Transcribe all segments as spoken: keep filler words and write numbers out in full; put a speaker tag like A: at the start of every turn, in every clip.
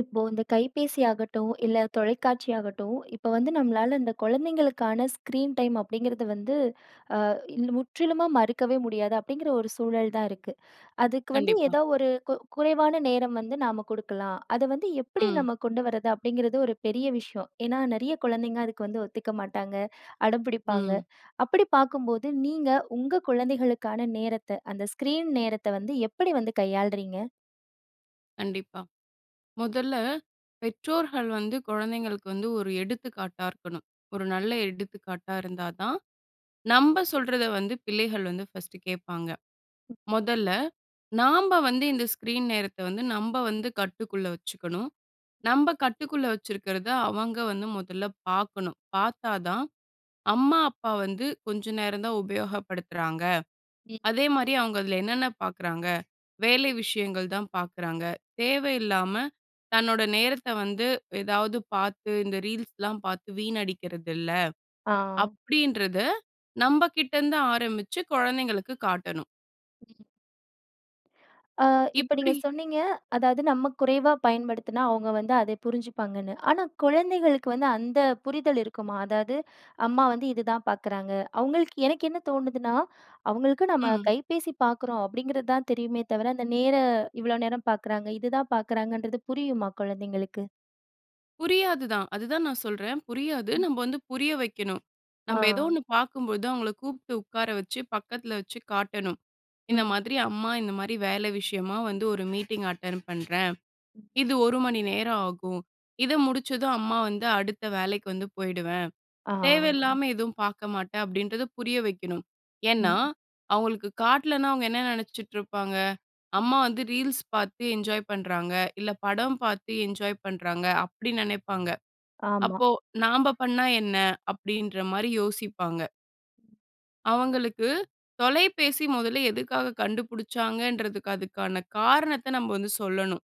A: இப்போ இந்த கைபேசி ஆகட்டும், இல்ல தொலைக்காட்சி ஆகட்டும் இப்ப வந்து நம்மளால இந்த குழந்தைங்களுக்கான ஸ்க்ரீன் டைம் அப்படிங்கிறது வந்து ஆ முற்றிலுமா மறுக்கவே முடியாது. அப்படிங்கிற ஒரு சூழல் தான் இருக்கு. அதுக்கு வந்து
B: கண்டிப்பா.
A: ஏதோ ஒரு கு குறைவான நேரம் வந்து நாம குடுக்கலாம், அத வந்து எப்டி
B: ம்.
A: நம்ம கொண்டு வர்றது? அப்டிங்கிறது ஒரு பெரிய விஷயம். ஏனா நெறைய குழந்தைங்க அதுக்கு வந்து ஒத்துக்க மாட்டாங்க, அடம்பிடிப்பாங்க.
B: ம்.
A: அப்படி பாக்கும்போது நீங்க உங்க குழந்தைகளுக்கான நேரத்த அந்த ஸ்க்ரீன் நேரத்த வந்து எப்படி வந்து கையாளுறீங்க?
B: கண்டிப்பா. முதல்ல, பெற்றோர்கள் வந்து குழந்தைங்களுக்கு வந்து ஒரு எடுத்துக்காட்டா இருக்கணும். ஒரு நல்ல எடுத்துக்காட்டா இருந்தா தான் நம்ப சொல்றத வந்து பிள்ளைகள் வந்து ஃபர்ஸ்ட்டு கேப்பாங்க. மொதல்ல, நாம்ப வந்து இந்த ஸ்க்ரீன் நேரத்த வந்து நம்ப வந்து கட்டுக்குள்ள வச்சுக்கணும். நம்ப கட்டுக்குள்ள வச்சிருக்கிறத அவங்க வந்து முதல்ல பார்க்கணும். பார்த்தா தான் "அம்மா, அப்பா வந்து கொஞ்சம் நேரம் தான், உபயோகப்படுத்துறாங்க.
A: ம்.
B: அதேமாரி அவங்க அதுல என்னென்ன பார்க்குறாங்க? வேலை விஷயங்கள் தான் பார்க்குறாங்க. தேவை இல்லாம தன்னோட நேரத்த வந்து ஏதாவது, பார்த்து இந்த ரீல்ஸ்லாம் பார்த்து வீணடிக்கிறதில்ல."
A: ஆ.
B: அப்படின்றத நம்பகிட்டேருந்து ஆரம்பிச்சு கொழந்தைங்களுக்கு காட்டணும்.
A: ம். அ இப்ப நீங்க
B: இப்டி
A: சொன்னீங்க, அதாவது நம்ம குறைவா பயன்படுத்தினா, அவங்க வந்து அதை புரிஞ்சுப்பாங்கன்னு. ஆனா, குழந்தைகளுக்கு வந்து அந்த புரிதல் இருக்குமா? அதாவது, அம்மா வந்து இதுதான் பாக்குறாங்க. அவுங்களுக்கு எனக்கு என்ன தோணுதுன்னா, அவங்களுக்கு நம்ம
B: ம்.
A: கைபேசி பாக்குறோம் அப்படீங்கிறது தான் தெரியுமே தவிர, அந்த நேர இவ்வளோ நேரம் பார்க்குறாங்க, இதுதான் பார்க்குறாங்கன்றது புரியுமா? குழந்தைங்களுக்கு.
B: புரியாது தான். அது தான் நான் சொல்றேன். புரியாது.
A: ம்.
B: நம்ப வந்து புரிய வைக்கணும். நம்ப ஏதோ
A: ஆ.
B: ஒண்ணு பார்க்கும் போது, அவங்கள கூப்ட்டு உட்கார வச்சு, பக்கத்தில வச்சு காட்டணும். "இந்த
A: ம்.
B: மாதிரி அம்மா, இந்த மாதிரி வேலை விஷயமா வந்து, ஒரு மீட்டிங் அட்டெண்ட் பண்றேன்.
A: ம்.
B: இது ஒரு மணி நேரம் ஆகும். இத முடிச்சதும், அம்மா வந்து அடுத்த வேலைக்கு வந்து போயிடுவேன்.
A: ஆ.
B: தேவையில்லாம எதுவும் பார்க்க மாட்டேன்." அப்படீன்றத புரிய வைக்கணும். ஏன்னா,
A: ம்.
B: அவங்களுக்கு காட்டலன்னா, அவங்க என்ன நெனைச்சிட்டு இருப்பாங்க? "அம்மா வந்து ரீல்ஸ் பார்த்து என்ஜாய் பண்றாங்க. இல்ல, படம் பார்த்து என்ஜாய் பண்றாங்க." அப்படி நெனைப்பாங்க.
A: ஆமா.
B: "அப்போ, நாம்ப பண்ணா என்ன?" அப்படீன்ற மாரி யோசிப்பாங்க. அவங்களுக்கு தொலைபேசி மொதல்ல எதுக்காக கண்டுபிடிச்சாங்கன்றதுக்கு, அதுக்கான காரணத்தை நம்ம வந்து சொல்லணும்.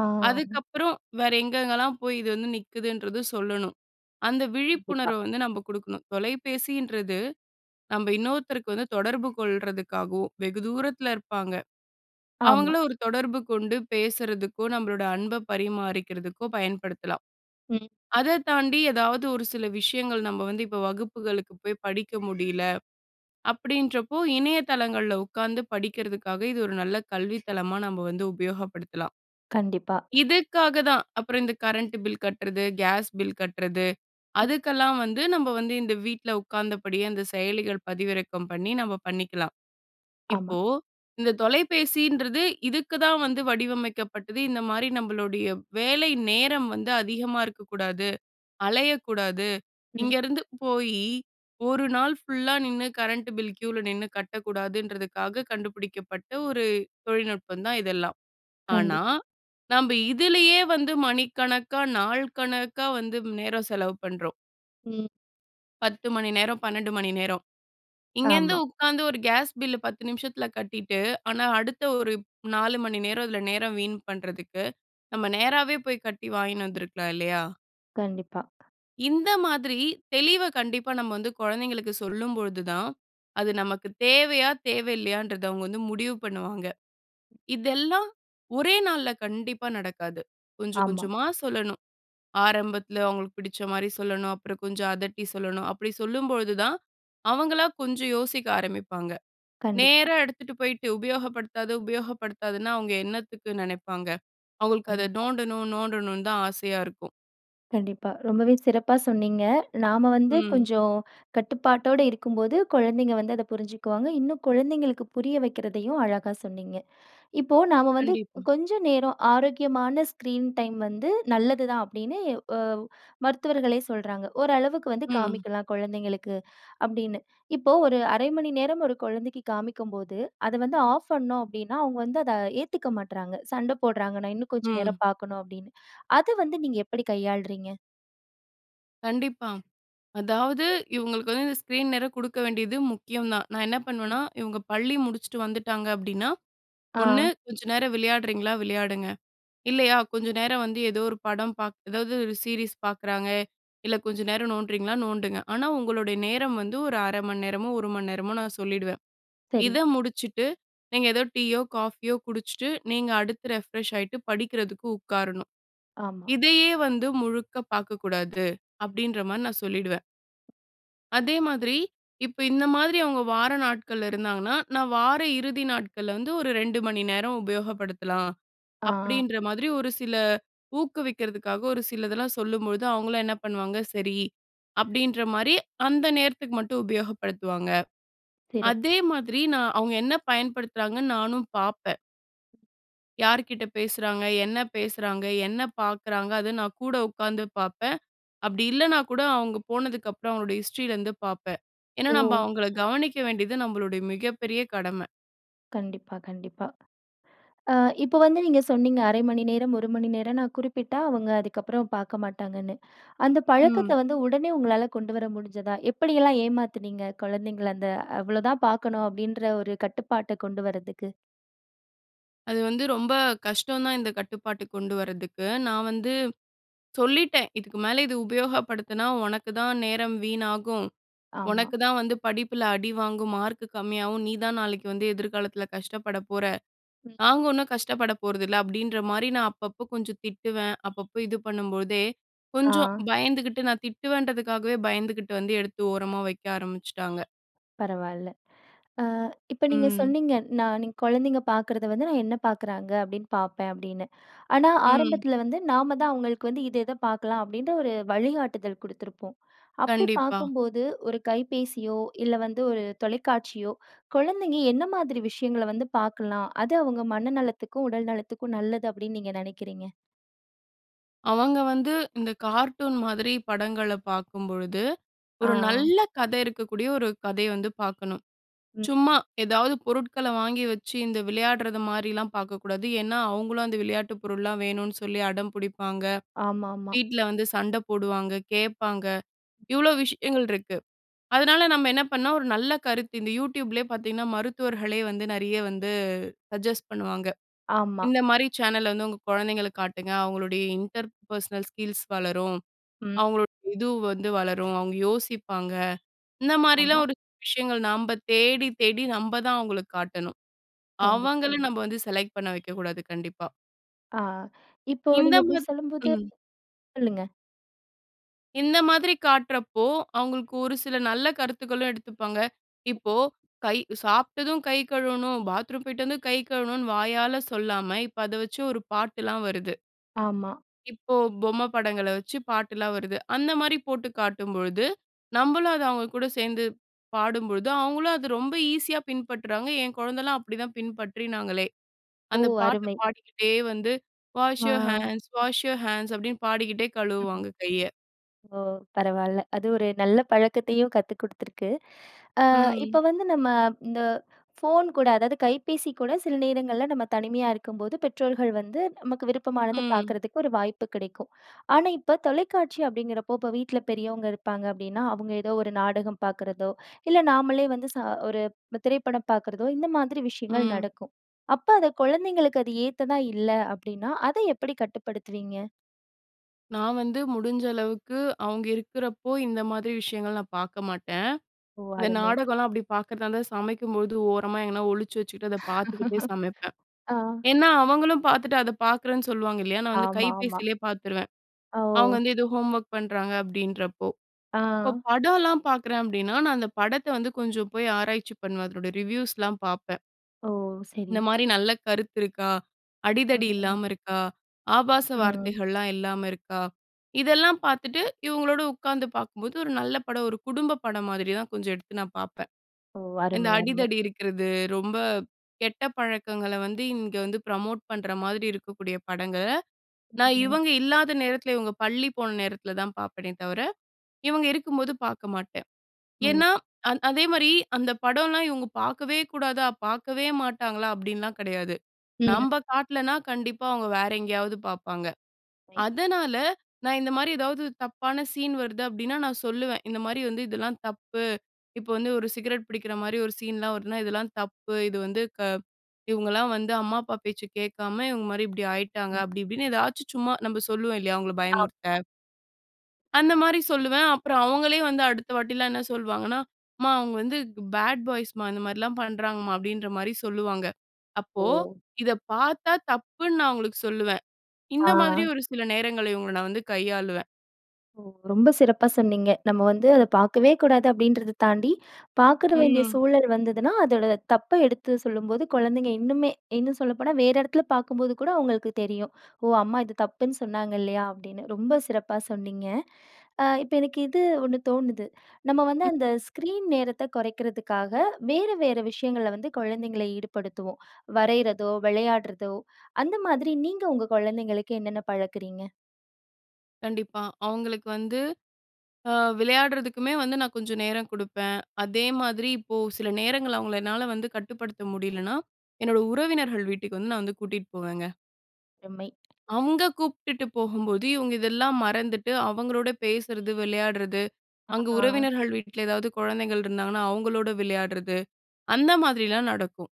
A: ஆ.
B: அதுக்கப்புறம், வேற எங்கெங்கலாம் போய் இது வந்து நிக்குதுன்றது சொல்லணும். அந்த
A: கண்டிப்பா.
B: விழிப்புணர்வை வந்து நம்ப குடுக்கணும். தொலைபேசின்றது நம்ப இன்னொருத்தருக்கு வந்து தொடர்பு கொள்றதுக்காகவும் வெகு தூரத்தில இருப்பாங்க,
A: ஆமா.
B: அவங்கள ஒரு தொடர்பு கொண்டு பேசறதுக்கோ, நம்பளோட அன்பை பரிமாறிக்கிறதுக்கோ பயன்படுத்தலாம்.
A: ம்.
B: அத தாண்டி எதாவது ஒரு சில விஷயங்கள், "நம்ப வந்து இப்ப வகுப்புகளுக்கு போய் படிக்க முடியல." அப்படீன்றப்போ இணையதளங்கள்ல உட்காந்து படிக்கிறதக்காக, இது ஒரு நல்ல கல்வி தளமா நம்ம வந்து உபயோகப்படுத்தலாம்.
A: கண்டிப்பா.
B: இதுக்காக தான். அப்புறம் இந்த கரண்ட் பில் கட்றது, கேஸ் பில் கட்றது
A: ம்.
B: அதுக்கெல்லாம் வந்து, நம்ப வந்து இந்த வீட்ல உட்கார்ந்தபடியே இந்த செயலிகள் பதிவிறக்கம் பண்ணி, நம்ம பண்ணிக்கலாம்.
A: ஆமா.
B: இப்போ, இந்த தொலைபேசின்றது இதுக்கு தான் வந்து வடிவமைக்கப்பட்டது. இந்த மாரி நம்பளுடைய வேலை நேரம் வந்து அதிகமா இருக்கக்கூடாது, அலையக்கூடாது,
A: ம்.
B: இங்கேருந்து போயி ஒரு நாள் ஃபுல்லா நின்னு கரண்ட் பில் க்யூவில நின்னு கட்டக்கூடாதுன்றதுக்காக கண்டுபிடிக்கப்பட்ட ஒரு தொழில்நுட்பம் தான், இதெல்லாம். ஆனா,
A: கண்டிப்பா.
B: நம்ப இதிலேயே வந்து மணிக்கணக்கா, நாள் கணக்கா வந்து நேரம் செலவு பண்றோம்.
A: ம்.
B: பத்து மணி நேரம், பன்னெண்டு மணி நேரம். இங்கேருந்து
A: ஆமா.
B: உட்காந்து ஒரு கேஸ் பில்லு பத்து நிமிஷத்துல கட்டிட்டு, ஆனா அடுத்த ஒரு நாலு மணி நேரம், அதுல நேரம் வீண் பண்றதுக்கு, நம்ம நேராவே போய் கட்டி வாங்கின்னு வந்துருக்கலாம் இல்லையா?
A: கண்டிப்பா.
B: இந்த மாதிரி தெளிவ கண்டிப்பா நம்ம வந்து குழந்தைங்களுக்கு சொல்லும்பொழுது தான், அது நமக்கு தேவையா? தேவ இல்லையான்றத அவுங்க வந்து முடிவு பண்ணுவாங்க. இதெல்லாம் ஒரே நாள்ல கண்டிப்பா நடக்காது. கொஞ்சம்
A: ஆமா.
B: கொஞ்சமா சொல்லணும். ஆரம்பத்துல அவுங்களுக்கு பிடிச்ச மாரி சொல்லணும். அப்புறம் கொஞ்சம் அதட்டி சொல்லணும். அப்படி சொல்லும்பொழுது தான், அவங்களா கொஞ்சம் யோசிக்க ஆரம்பிப்பாங்க.
A: கண்டிப்பா.
B: நேரா எடுத்துட்டு போயிட்டு உபயோகப்படுத்தாத, உபயோகப்படுத்தாதன்னா, அவங்க என்னத்துக்கு நெனைப்பாங்க? அவுங்களுக்கு அத
A: டிப்பா.
B: நோண்டணும் நோண்டணும்ன்னு தான் ஆசையா இருக்கும்.
A: கண்டிப்பா. ரொம்பவே சிறப்பா சொன்னீங்க. நாம வந்து
B: ம்.
A: கொஞ்சம் கட்டுப்பாட்டோட இருக்கும் போது, குழந்தைங்க வந்து அதை புரிஞ்சுக்குவாங்க. இன்னும் குழந்தைகளுக்கு புரிய வக்கிறதையும் அழகா சொன்னீங்க. இப்போ நாம வந்து,
B: கண்டிப்பா.
A: "கொஞ்சம் நேரம் ஆரோக்கியமான ஸ்க்ரீன் டைம் வந்து நல்லது தான்." அப்படீன்னு ஒ மருத்துவர்களே சொல்றாங்க. "ஓரளவுக்கு வந்து
B: ம்.
A: காமிக்கலாம் குழந்தைங்களுக்கு." அப்படீன்னு. இப்போ ஒரு அரை மணி நேரம் ஒரு குழந்தைக்கு காமிக்கும்போது, அத வந்து ஆஃப் பண்ணோம் அப்படீன்னா, அவுங்க வந்து அதை ஏத்துக்க மாட்றாங்க. சண்டை போடுறாங்க. "நான் இன்னும் கொஞ்சம்
B: ம்.
A: நேரம் பார்க்கணும்" அப்படீன்னு. அது வந்து நீங்க எப்படி கையாளுறீங்க?
B: கண்டிப்பா. அதாவது இவங்களுக்கு ஸ்க்ரீன்நேர குடுக்க வேண்டியது முக்கியம் தான். நா என்னா
A: ம்.
B: பண்ணுவேனா, இவங்க பள்ளி முடிச்சுட்டு வந்துட்டாங்க அப்படின்னா ஒண்ணு
A: ஆங்.
B: கொஞ்ச நேரம் விளையாடுறீங்களா? விளையாடுங்க. இல்லையா கொஞ்ச நேரம் வந்து ஏதோ ஒரு படம் பார்க் ஏதாவது ஒரு சீரிஸ் பார்க்குறாங்க, இல்ல கொஞ்சம் நேரம் நோண்டுறீங்களா? நோண்டுங்க. ஆனா உங்களுடைய நேரம் வந்து ஒரு அரை மணி நேரமோ, ஒரு மணி நேரமோ நா சொல்லிடுவேன்.
A: சரி.
B: இத முடிச்சுட்டு நீங்க ஏதோ டீயோ, காஃபியோ குடிச்சுட்டு நீங்க அடுத்து ரெஃப்ரெஷ் ஆயிட்டு, படிக்கிறதுக்கு உட்காரணும்.
A: ஆமா.
B: இதையே வந்து முழுக்க பார்க்கக்கூடாது அப்படின்ற மாரி நா சொல்லிடுவேன். அதே மாதிரி இப்ப இந்த மாதிரி அவங்க வார நாட்கள்ல இருந்தாங்கன்னா, நான் வார இறுதி நாட்கள்ல வந்து ஒரு ரெண்டு மணி நேரம் உபயோகப்படுத்தலாம்
A: ஆ.
B: அப்டின்ற மாதிரி ஒரு சில ஊக்குவிக்கிறதுக்காக ஒரு சிலதெல்லாம் சொல்லும்பொழுது அவங்களும் என்ன பண்ணுவாங்க? சரி அப்படின்ற மாரி அந்த நேரத்துக்கு மட்டும் உபயோகப்படுத்துவாங்க.
A: சிறப்பு!
B: அதே மாதிரி நா அவங்க என்ன பயன்படுத்துறாங்கன்னு நானும் பாப்பேன். யார்கிட்ட பேசுறாங்க? என்ன பேசுறாங்க? என்ன பார்க்குறாங்க? அது நா கூட உட்கார்ந்து பாப்பேன். அப்டி இல்லனா கூட அவங்க போனதுகப்புறம் அவங்க ஹிஸ்ட்ரில இருந்து பாப்பேன். ஏனா, நம்ப
A: ஓ!
B: அவங்கள கவனிக்க வேண்டியது நம்மளுடைய மிகப்பெரிய கடம.
A: கண்டிப்பா கண்டிப்பா. ஆ இப்போ வந்து நீங்க சொன்னீங்க அரை மணி நேரம், ஒரு மணி நேரம் நா குறிப்பிட்டா அவங்க அதுக்கப்புற பார்க்க மாட்டாங்கனு. அந்த
B: ம்.
A: பழக்கத்த வந்து உடனே உங்களால கொண்டு வர முடிஞ்சதா? எப்படி எல்லா ஏமாத்துனீங்க குழந்தைகள? அந்த அவ்ளோ தான் பார்க்கனு அப்டீன்ற ஒரு கட்டுப்பாட்ட கொண்டு வர்றதுக்கு.
B: அது வந்து ரொம்ப கஷ்டம் தான், இந்த கட்டுப்பாட்டுக்கு கொண்டு வரதுக்கு. நான் வந்து சொல்லிட்டேன், "இதுக்கு மேல இது உபயோகப்படுத்தினா, உனக்கு தான் நேரம் வீணாகும்.
A: ஆமா.
B: உனக்கு தான் வந்து படிப்பில அடி வாங்கும். மார்க்கு கம்மியாகும். நீ தான் நாளைக்கு வந்து எதிர்காலத்தில கஷ்டப்பட போற.
A: ம்.
B: நாங்க ஒன்னும் கஷ்டப்பட போறதில்ல." அப்படின்ற மாதிரி நான் அப்பப்போ கொஞ்சம் திட்டுவேன். அப்பப்போ இது பண்ணும்போதே
A: ஆ.
B: கொஞ்சம் பயந்துகிட்டு, நான் திட்டுவேன்றதுக்காகவே பயந்துகிட்டு வந்து எடுத்து ஓரமா வைக்க ஆரம்பிச்சுட்டாங்க.
A: பரவால்ல. அ இப்ப நீங்க
B: ம்.
A: சொன்னீங்க. "நான் நீங் குழந்தைங்க பார்க்கிறத வந்து, நான் என்ன பார்க்கிறாங்க அப்படின்னு பார்ப்பேன்." அப்படின்னு. ஆனா
B: ம்.
A: ஆரம்பத்தில வந்து நாம தான் அவங்களுக்கு வந்து இது இத பார்க்கலாம் அப்படின்ற ஒரு வழிகாட்டுதல் குடுத்திருப்போம். அப்படி
B: கண்டிப்பா.
A: பார்க்கும்போது ஒரு கைபேசியோ, இல்ல வந்து ஒரு தொலைக்காட்சியோ குழந்தைங்க என்ன மாதிரி விஷயங்கள வந்து பார்க்கலாம்? அது அவங்க மனநலத்துக்கும், உடல் நலத்துக்கும் நல்லது அப்படின்னு நீங்க நினைக்கிறீங்க?
B: அவங்க வந்து இந்த கார்ட்டூன் மாதிரி படங்கள பார்க்கும்பொழுது, ஒரு
A: ஆ.
B: நல்ல கதை இருக்கக்கூடிய, ஒரு கதய வந்து பார்க்கணும்.
A: ம்.
B: சும்மா ஏதாவது பொருட்கள வாங்கி வச்சு, இந்த விளையாடுறது மாதிரில்லாம் பார்க்கக்கூடாது. ஏன்னா, அவங்களும் அந்த விளையாட்டு பொருள்லாம் வேணும்னு சொல்லி அடம் பிடிப்பாங்க.
A: ஆமாமா.
B: வீட்டில வந்து சண்ட போடுவாங்க, கேட்பாங்க. இவ்ளோ விஷயங்கள் இருக்கு. அதனால நம்ம என்ன பண்ணாம், ஒரு நல்ல கருத்து இந்த YouTubeலே பார்த்தீங்கன்னா மருத்துவர்களே வந்து நிறைய வந்து சஜெஸ்ட் பண்ணுவாங்க.
A: ஆமா.
B: இந்த மாதிரி சேனல் வந்து உங்க குழந்தைங்களுக்கு காட்டுங்க. அவங்களுடைய இன்டர் பர்ஸ்னல் ஸ்கில்ஸ் வளரும்.
A: ம்.
B: அவங்களோட இது வந்து வளரும். அவங்க யோசிப்பாங்க. இந்த
A: ஆமா.
B: மாரில்லாம் ஒரு விஷயங்கள் நாம்ப தேடி தேடி நம்ப தான் அவங்களுக்கு காட்டணும்.
A: கண்டி
B: அவங்களும் நம்ம வந்து செலக்ட் பண்ண வைக்கக்கூடாது. கண்டிப்பா.
A: ஆ. இப்போ
B: இந்த
A: நீங்க இப்படி
B: மாத்
A: சொல்லும்போது
B: ம்.
A: சொல்லுங்க.
B: இந்த மாதிரி காட்றப்போ, அவுங்களுக்கு ஒரு சில நல்ல கருத்துகளும் எடுத்துப்பாங்க. இப்போ கை சாப்ட்டதும் கை கழுவணும், பாத்ரூம் போய்ட்டு வந்து கை கழுவணுன்னு, வாயால சொல்லாம, இப்போ அத வச்சு ஒரு பாட்டுலாம் வருது.
A: ஆமா.
B: இப்போ பொம்மை படங்கள வச்சு பாட்டுலாம் வருது. அந்த மாரி போட்டுக் காட்டும்பொழுது, நம்பளும் அத அவங்க கூட சேந்து பாடும்பொழுது, அவங்களும் அத ரொம்ப ஈஸியா பின்பற்றுறாங்க. என் குழந்தலாம் அப்டி தான் பின்பற்றினாங்களே.
A: ஓ!
B: அந்த பாட்டு
A: அருமை.
B: பாடிக்கிட்டே வந்து, "wash your
A: ah.
B: Hands, wash your hands!" அப்டின்னு பாடிக்கிட்டே கழுவுவாங்க கைய.
A: .ஓ, பரவால்ல, அது ஒரு நல்ல பழக்கத்தயும் கத்து குடுத்துருக்கு. அ,
B: ம்.
A: இப்ப வந்து நம்ம இந்த ஃபோன் கூட, அதாவது கைப்பேசி கூட, சில நேரங்கள்ல நம்ம தனிமையா இருக்கும்போது, பெற்றோர்கள் வந்து நமக்கு விருப்பமானத
B: ம்.
A: பாக்குறதுக்கு ஒரு வாய்ப்பு கிடைக்கும். ஆனா, இப்போ தொலைக்காட்சி அப்படிங்கிறப்போ, இப்போ வீட்ல பெரியவங்க இருப்பாங்க அப்டின்னா, அவுங்க ஏதோ ஒரு நாடகம் பாக்குறதோ, இல்ல நாமளே வந்து ச ஒரு திரைப்படம் பாக்குறதோ இந்த மாதிரி விஷயங்கள்
B: ம்.
A: நடக்கும். அப்ப அது குழந்தைங்களுக்கு அது ஏத்ததா இல்ல அப்டின்னா, அத எப்படி கட்டுப்படுத்துவீங்க?
B: நான் வந்து முடிஞ்ச அளவுக்கு அவுங்க இருக்குறப்போ, இந்த மாதிரி விஷயங்கள் நான் பாக்க மாட்டேன்.
A: ஓ!
B: இந்த
A: அருமை.
B: நாடகலாம் அப்டி பாக்கறதா இருந்தா, சமைக்கும்பொழுது ஓரமா எங்கனா ஒழிச்சு வச்சுக்கிட்டு அதை பாத்துக்கிட்டே சமைப்பேன்.
A: ஆ.
B: ஏன்னா, அவங்களும் பாத்துட்டு, அத பாக்குறேன்னு சொல்லுவாங்க இல்லையா? நான் வந்து
A: ஆமாமா.
B: கைபேசிலயே பாத்துருவேன். அவுங்க
A: ஓ!
B: வந்து ஏதோ ஹோம்வொர்க் பண்றாங்க அப்டின்றப்போ, இப்போ
A: ஆ.
B: படம்லாம் பாக்குறேன் அப்டின்னா, நான் அந்த படத்தை வந்து கொஞ்சம் போய் ஆராய்ச்சி பண்ணுவேன், அதனுடைய ரிவ்யூஸ்லாம் பாப்பேன்.
A: ஓ! சரி.
B: இந்த மாரி நல்ல கருத்து இருக்கா?
A: ம்,
B: அடிதடி
A: ம்.
B: இல்லாம இருக்கா? ஆபாச
A: ம்.
B: வார்த்தைகள்லாம் இல்லாம இருக்கா? இதெல்லாம் பாத்துட்டு இவுங்களோடு உக்காந்து பாக்கும்போது, ஒரு நல்ல படம், ஒரு குடும்ப படம் மாதிரி தான் கொஞ்சம் எடுத்து நான் பாப்பேன்.
A: ஓ!
B: இந்த
A: அருமை, அருமை.
B: அடிதடி இருக்கிறது, ரொம்ப கெட்ட பழக்கங்கள வந்து இங்க வந்து ப்ரமோட் பண்ற மாதிரி இருக்கக்கூடிய படங்கள,
A: ம்.
B: நான்
A: ம்.
B: இவங்க இல்லாத நேரத்தில, இவுங்க பள்ளி போன நேரத்தில தான் பாப்பேனே தவிர, இவுங்க இருக்கும்போது பாக்க மாட்டேன்.
A: ம்.
B: ஏன்னா அந் அதே மாரி அந்த படம்லாம் இவுங்க பாக்கவே கூடாதா? பாக்கவே மாட்டாங்களா? அப்டின்லாம் கிடையாது.
A: ம்.
B: நம்ப காட்லன்னா கண்டிப்பா அவுங்க வேற எங்கயாவது பாப்பாங்க.
A: மை.
B: அதனால நான் இந்த மாரி ஏதாவது தப்பான சீன் வருது அப்டின்னா, நான் சொல்லுவேன், "இந்த மாரி வந்து இதெல்லாம் தப்பு." இப்போ வந்து ஒரு சிகரெட் பிடிக்கிற மாரி ஒரு சீன்லாம் வருதுனா, "இதெல்லாம் தப்பு, இது வந்து க இவுங்கலாம் வந்து அம்மா, அப்பா பேச்சை கேட்காம இவுங்க மாரி இப்டி ஆயிட்டாங்க,"
A: ம்.
B: அப்டி இப்டின்னு எதாச்சும் சும்மா நம்ப சொல்லுவோம் இல்லையா, அவுங்கள பயமுறுத்த!
A: ஆமா.
B: அந்த மாரி சொல்லுவேன். அப்புறம் அவுங்களே வந்து அடுத்த வாட்டில்லாம் என்ன சொல்லுவாங்கன்னா, "அம்மா! அவுங்க வந்து பாட் பாய்ஸ்ம்மா, இந்த மாரி எல்லாம் பண்றாங்கம்மா." அப்பிடின்றமாரி சொல்லுவாங்க. அப்போ
A: ஓ!
B: இத பார்த்தா தப்புன்னு, நான் அவுங்களுக்கு சொல்லுவேன்.
A: ஆ.
B: இந்த மாதிரி ஒரு சில நேரங்கள்ல இவுங்கள நான் வந்து கையாளுவேன்.
A: ஓ! ரொம்ப சிறப்பா சொன்னீங்க. நம்ம வந்து அத பாக்கவே கூடாது அப்பிடின்றத தாண்டி, பார்க்குற வேண்டிய
B: ம்.
A: சூழல் வந்ததுனா, அதோட தப்ப எடுத்து சொல்லும்போது குழந்தைங்க இன்னுமே இன்னும் சொல்லப்போனா, வேற இடத்தில பார்க்கும்போது கூட அவுங்களுக்கு தெரியும். "ஓ! அம்மா இது தப்புன்னு சொன்னாங்க. இல்லயா?" அப்பிடின்னு. ரொம்ப சிறப்பா சொன்னீங்க. அ இப்ப எனக்கு இது ஒண்ணு தோணுது. நம்ம வந்து அந்த ஸ்க்ரீன் நேரத்த குறைக்கிறதுக்காக, வேற வேற விஷயங்கள வந்து குழந்தைங்கள ஈடுபடுத்துவோம். வரையிறதோ, விளையாட்றதோ அந்த மாதிரி நீங்க உங்க குழந்தைங்களுக்கு என்னென்ன பழக்குறீங்க?
B: கண்டிப்பா. அவுங்களுக்கு வந்து அ விளையாட்றதுக்குமே வந்து நான் கொஞ்சம் நேரம் குடுப்பேன். அதே மாதிரி இப்போ சில நேரங்கள்ல அவுங்கள என்னால வந்து கட்டுப்படுத்த முடியலன்னா, என்னோட உறவினர்கள் வீட்டுக்கு வந்து நான் வந்து கூட்டிட்டு போவேங்க.
A: ருமை!
B: அங்க கூப்பிட்டுட்டு போகும்போது, இவுங்க இதெல்லாம் மறந்துட்டு அவங்களோட பேசுறது, விளையாட்றது,
A: அ
B: அங்க
A: ஆ.
B: உறவினர்கள் வீட்ல எதாவது குழந்தைகள் இருந்தாங்கன்னா, அவுங்களோட விளையாட்றது, அந்த மாதிரில்லாம் நடக்கும்.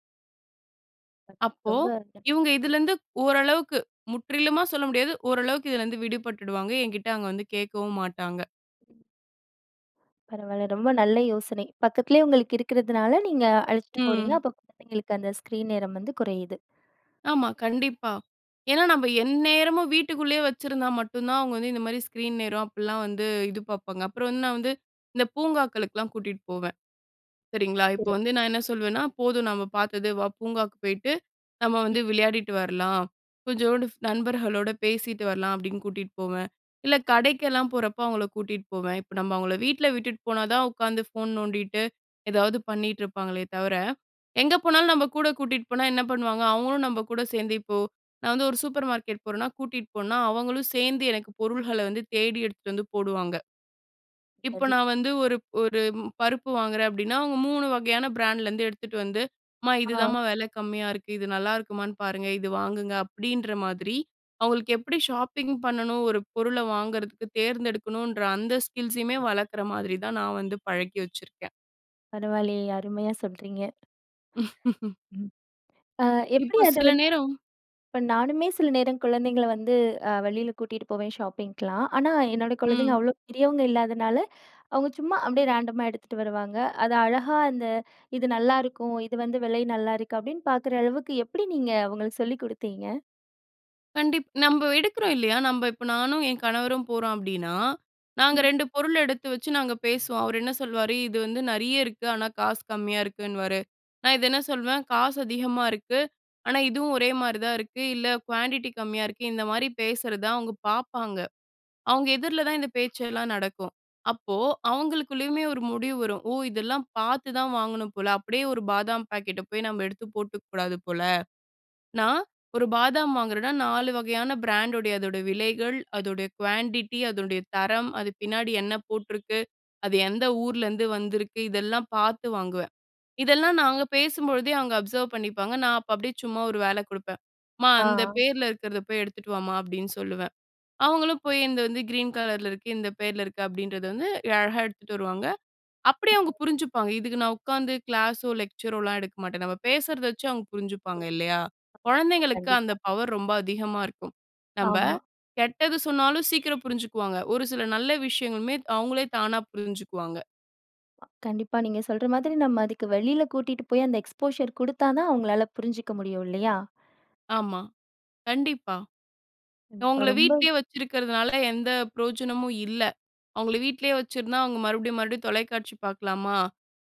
A: அ
B: அப்போ,
A: ரொம்ப.
B: இவங்க
A: [unintelligible]
B: இதிலருந்து ஓரளவுக்கு, முற்றிலுமா சொல்ல முடியாது, ஓரளவுக்கு இதிலருந்து விடுபட்டுடுவாங்க, என்கிட்ட அவங்க வந்து கேட்கவும் மாட்டாங்க.
A: பரவாயில்ல, ரொம்ப நல்ல யோசனை பக்கத்திலேயே உங்களுக்கு இருக்கிறதுனால, நீங்க அழைச்சுட்டு போறீங்க,
B: ம்.
A: அப்போ எங்களுக்கு அந்த ஸ்க்ரீன் நேரம் வந்து குறையுது.
B: ஆமா, கண்டிப்பா, ஏனா நாம எந்நேரமும் வீட்டுக்குள்ளேயே வைச்சிருந்தா மட்டும் தான், அவங்க வந்து இந்த மாதிரி ஸ்கிரீன் நேரம் அப்பல்லாம் வந்து இது பார்ப்பாங்க, அப்புறம் வந்து நான் வந்து, இந்த பூங்காக்களுக்குலாம் கூட்டிட்டு போவேன், சரிங்களா? இப்போ
A: சிறப்
B: வந்து நான் என்ன சொல்லுவேன்னா, "போதும் நம்ம பார்த்தது. வா, பூங்காவுக்கு போயிட்டு, நம்ம வந்து விளையாடிட்டு வரலாம், கொஞ்சோண்டு நண்பர்களோடு பேசிட்டு வரலாம்", அப்படின்னு கூட்டிகிட்டு போவேன், இல்லை கடைக்கெல்லாம் போறப்போ, அவங்களை கூட்டிகிட்டு போவேன். இப்போ நம்ம அவங்கள வீட்டில விட்டுட்டு போனா தான், உட்காந்து ஃபோன் நோண்டிட்டு, ஏதாவது பண்ணிட்டு இருப்பாங்களே தவிர, எங்கே போனாலும் நம்ம கூட கூட்டிட்டு போனா என்ன பண்ணுவாங்க? அவங்களும் நம்ம கூட சேர்ந்து இப்போ, நான் வந்து ஒரு சூப்பர் மார்க்கெட் போறேனா கூட்டிகிட்டு போனா அவங்களும் சேர்ந்து எனக்கு பொருள்கள வந்து தேடி எடுத்துட்டு வந்து போடுவாங்க. இப்போ
A: அது,
B: நான் வந்து ஒரு ஒரு பருப்பு வாங்குறேன் அப்படின்னா, அவங்க மூணு வகையான பிராண்ட்லேருந்து எடுத்துட்டு வந்து, அம்மா
A: ஆ.
B: இதுதாம்மா விலை கம்மியா இருக்கு. இது நல்லாயிருக்குமான்னு பாருங்க, இது வாங்குங்க அப்படின்ற மாதிரி, அவங்களுக்கு எப்படி ஷாப்பிங் பண்ணணும் ஒரு பொருளை வாங்குறதுக்கு தேர்ந்தெடுக்கணுன்ற அந்த ஸ்கில்ஸுமே வளர்க்குற மாதிரி தான் நான் வந்து பழக்கி வச்சிருக்கேன்.
A: பரவாயில்லையே! அருமையா சொல்றீங்க. ம். அ எப்படி
B: இப்போ
A: அது
B: சில
A: வந்
B: நேரம்
A: இப்போ நானுமே சில நேரம் குழந்தைங்கள வந்து, அ வெளியில கூட்டிகிட்டு போவேன் ஷாப்பிங்க்கலாம், ஆனா என்னோட குழந்தைங்க
B: ம்.
A: அவ்வளோ பெரியவங்க இல்லாதனால, அவங்க சும்மா அப்படியே ரேண்டமா எடுத்துட்டு வருவாங்க, அதை அழகா அந்த இது நல்லாருக்கும், இது வந்து விலை நல்லாருக்கும், அப்படின்னு பார்க்குற அளவுக்கு எப்படி நீங்க அவங்களுக்கு சொல்லிக் கொடுத்தீங்க?
B: கண்டிப் நம்ப எடுக்குறோம் இல்லயா? நம்ப இப்ப நானும் என் கணவரும் போறோம் அப்பிடின்னா, நாங்க
A: ம்.
B: ரெண்டு பொருள் எடுத்து வச்சு, நாங்க பேசுவோம். அவரு என்ன சொல்வாரு? "இது வந்து நிறைய இருக்கு. ஆனா, காசு கம்மியா இருக்குன்னுவாரு." நான் இது என்ன சொல்வேன், "காசு அதிகமா இருக்கு." ஆனா, இதுவும் ஒரே மாதிரி தான் இருக்கு. இல்ல குவான்டிட்டி கம்மியா இருக்கு. இந்தமாரி பேசுறத அவுங்க பாப்பாங்க. அவுங்க எதிர்ல தான் இந்த பேச்செல்லாம் நடக்கும். அப்போ அவங்களுக்குள்ளேயுமே ஒரு முடிவு வரும். "ஓ! இதெல்லாம் பார்த்து தான் வாங்கணும் போல. அப்பிடியே ஒரு பாதாம் பாக்கெட்ட போய் நமப எடுத்து போட்டுக்கக் கூடாது போல. நான் ஒரு பாதாம் வாங்குறன்னா, நாலு வகையான பிராண்ட்டுடைய அதோட விலைகள், அதோடைய குவான்டிட்டி, அதோடைய தரம், அது பின்னாடி என்ன போட்டிருக்கு? அது எந்த ஊர்லருந்து வந்திருக்கு? இதெல்லாம் பார்த்து வாங்குவேன். இதெல்லாம் நாங்க பேசும்பொழுதே அவுங்க அப்சர்வ் பண்ணிப்பாங்க. நான் அப்ப அப்பிடியே சும்மா ஒரு வேல கொடுப்பேன். "அம்மா!
A: ஆ.
B: அந்த பேர்ல இருக்கிறத போய் எடுத்துட்டு வாம்மா!"அப்பிடின்னு சொல்லுவேன். அவுங்களும் போய் இந்த வந்து கிரீன் கலர்ல இருக்கு. இந்த பேர்ல இருக்கு. அப்பிடின்றது வந்து அழகா எடுத்துட்டு வருவாங்க. அப்பிடியே அவுங்க
A: [unintelligible]
B: புரிஞ்சுப்பாங்க. இதுக்கு நான் உக்காந்து கிளாஸோ, லெக்சரோலாம் எடுக்க மாட்டேன். நம்ம பேசுறத வச்சு அவுங்க புரிஞ்சுப்பாங்க. இல்லயா?
A: [unintelligible]
B: குழந்தைங்களுக்கு அந்த
A: கண்டிப்பா.
B: பவர் ரொம்ப அதிகமா இருக்கும். நம்ப
A: ஆமா.
B: கெட்டது சொன்னாலும் சீக்கிரம் புரிஞ்சுக்குவாங்க. ஒரு சில நல்ல விஷயங்களுமே அவுங்களே தானா புரிஞ்சுக்குவாங்க.
A: கண்டிப்பா நீங்க சொல்ற மாதிரி நம்ம அதுக்கு வெளியில கூட்டிட்டு போய் அந்த எக்ஸ்போஷர் கொடுத்தா தான் அவுங்களால புரிஞ்சிக்க முடியும் இல்லயா?
B: ஆமா. கண்டிப்பா.
A: கண்டிப்பா
B: அவுங்கள
A: ரொம்ப
B: வீட்டிலேயே வச்சிருக்கிறதுனால எந்த பிரயோஜனமும் இல்ல. அவுங்கள வீட்டிலே வச்சிருந்தா அவுங்க மறுபடியும், மறுபடியும் தொலைக்காட்சி பார்க்கலாமா?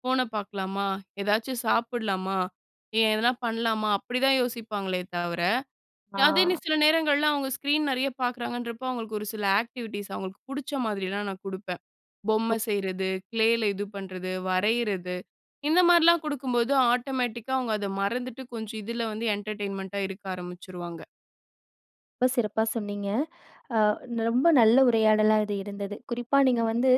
B: ஃபோன பார்க்கலாமா? எதாச்சும் சாப்பிட்லாமா? ஏன் எதனா பண்ணலாமா? அப்பிடிதான் யோசிப்பாங்களே தவிர, அதே நீ
A: ஆ.
B: சில நேரங்கள்ல அவுங்க ஸ்க்ரீன் நிறைய பார்க்குறாங்கன்றப்போ, அவுங்களுக்கு ஒரு சில ஆக்டிவிட்டீஸ் அவுங்களுக்கு புடுச்ச மாதிரிலாம் நான் கொடுப்பேன். பொம்மை செய்றது, க்ளேல இது பண்றது, வரையிறது, "இந்த மாதிரிலாம் கொடுக்கும்போது ஆட்டோமேட்டிக்கா அவுங்க அத மறந்துட்டு, கொஞ்சம் இதில வந்து என்டர்டெயின்மெண்ட்டா இருக்க ஆரம்பிச்சுருவாங்க.
A: ரொம்ப சிறப்பா சொன்னீங்க. அ ரொம்ப நல்ல உரையாடலா இது இருந்தது. குறிப்பா நீங்க வந்து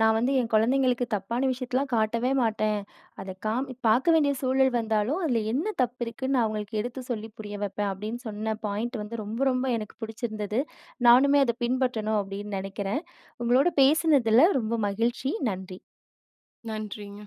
A: நான் வந்து என் குழந்தைங்களுக்கு தப்பான விஷயத்தலாம் காட்டவே மாட்டேன். அத காமி பார்க்க வேண்டிய சூழல் வந்தாலும், அதில என்ன தப்பு இருக்குன்னு நான் அவுங்களுக்கு எடுத்து சொல்லி புரிய வைப்பேன். அப்பிடின்னு சொன்ன பாயிண்ட் வந்து ரொம்ப, ரொம்ப எனக்கு பிடிச்சிருந்தது. நானுமே அத பின்பற்றணும் அப்பிடின்னு நினைக்கிறேன். உங்களோட பேசினதில ரொம்ப மகிழ்ச்சி. நன்றி.
B: நன்றிங்க.